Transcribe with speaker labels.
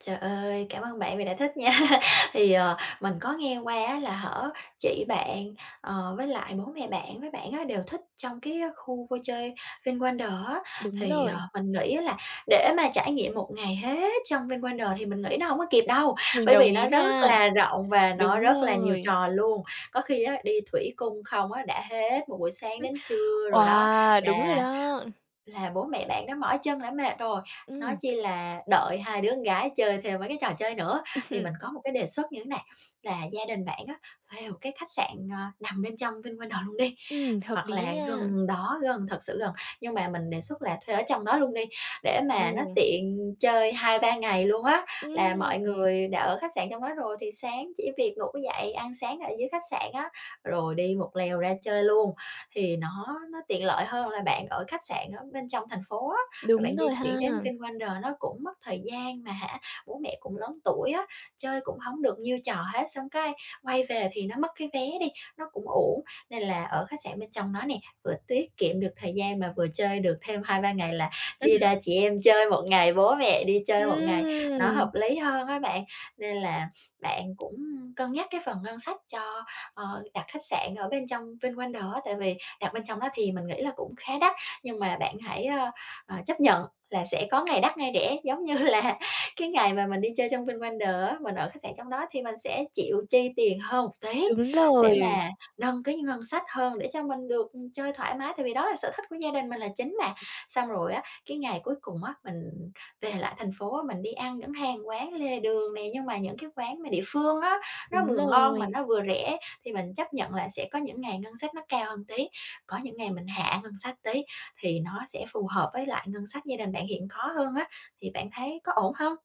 Speaker 1: Trời ơi, cảm ơn bạn vì đã thích nha. Thì, ờ, mình có nghe qua á là, hả, chị bạn, ờ, với lại bố mẹ bạn với bạn á đều thích trong cái khu vui chơi Vinwonders á,
Speaker 2: Đúng
Speaker 1: thì, ờ,
Speaker 2: rồi.
Speaker 1: mình nghĩ á là để mà trải nghiệm một ngày hết trong Vinwonders thì mình nghĩ nó hổng có kịp đâu.
Speaker 2: Mình
Speaker 1: Bởi
Speaker 2: đồng
Speaker 1: vì
Speaker 2: ý
Speaker 1: nó rất
Speaker 2: nha.
Speaker 1: là rộng và
Speaker 2: Đúng
Speaker 1: nó rất là nhiều
Speaker 2: rồi.
Speaker 1: trò luôn. Có khi á đi thủy cung không á đã hết một buổi sáng đến
Speaker 2: [unintelligible]
Speaker 1: trưa rồi đó,
Speaker 2: Wow, đúng rồi
Speaker 1: là
Speaker 2: đó!
Speaker 1: là bố mẹ bạn đã mỏi chân, đã mệt rồi, nói
Speaker 2: Ừm.
Speaker 1: chi là đợi 2 đứa con gái chơi thêm mấy cái trò chơi nữa. Thì mình có một cái đề xuất như thế này, là gia đình bạn á thuê một cái khách sạn, ờ, nằm bên trong Vinwonders luôn đi,
Speaker 2: Ừm, hợp
Speaker 1: hoặc
Speaker 2: lý
Speaker 1: là
Speaker 2: nha.
Speaker 1: gần đó, gần thật sự gần, nhưng mà mình đề xuất là thuê ở trong đó luôn đi, để mà nó
Speaker 2: [unintelligible]
Speaker 1: tiện chơi 2, 3 ngày luôn á. Là
Speaker 2: Ưm,
Speaker 1: mọi
Speaker 2: ừm.
Speaker 1: người đã ở khách sạn trong đó rồi thì sáng chỉ việc ngủ dậy ăn sáng ở dưới khách sạn á, rồi đi một lèo ra chơi luôn, thì nó nó tiện lợi hơn là bạn ở khách sạn ở bên trong thành phố á rồi
Speaker 2: Đúng
Speaker 1: bạn di
Speaker 2: rồi ha.
Speaker 1: chuyển đến Vinwonders, nó cũng mất thời gian, mà hả, bố mẹ cũng lớn tuổi á, chơi cũng hổng được nhiêu trò hết. Xong cái quay về thì nó mất cái vé đi, nó cũng uổng. Nên là ở khách sạn bên trong nó nè, vừa tiết kiệm được thời gian mà vừa chơi được thêm 2, 3 ngày, là chia ra chị em chơi 1 ngày, bố mẹ đi chơi 1 ngày, nó hợp
Speaker 2: A!
Speaker 1: lý hơn á bạn. Nên là bạn cũng, ưm, cân nhắc cái phần ngân sách cho, ờ, đặt khách sạn ở bên trong Vinwonders á, tại vì đặt bên trong nó thì mình nghĩ là cũng khá đắt, nhưng mà bạn hãy, ơ, ờ, chấp nhận là sẽ có ngày đắt ngày rẻ. Giống như là, cái ngày mà mình đi chơi trong Vinwonders á, mình ở khách sạn trong đó thì mình sẽ chịu chi tiền hơn một tí,
Speaker 2: Đúng
Speaker 1: để
Speaker 2: rồi.
Speaker 1: mà nâng cái ngân sách hơn, để cho mình được, ừm, chơi thoải mái, tại vì đó là sở thích của gia đình mình là chính mà. Xong rồi á, cái ngày cuối cùng á, mình về lại thành phố á mình đi ăn những hàng quán lề đường nè, nhưng mà những cái quán mà địa phương á, nó
Speaker 2: Đúng
Speaker 1: vừa ngon mà
Speaker 2: rồi.
Speaker 1: nó vừa rẻ. Thì mình chấp nhận là sẽ có những ngày ngân sách nó cao hơn tí, có những ngày mình hạ ngân sách tí, thì nó sẽ phù hợp với lại ngân sách gia đình bạn hiện có hơn á. Thì bạn thấy có ổn hông?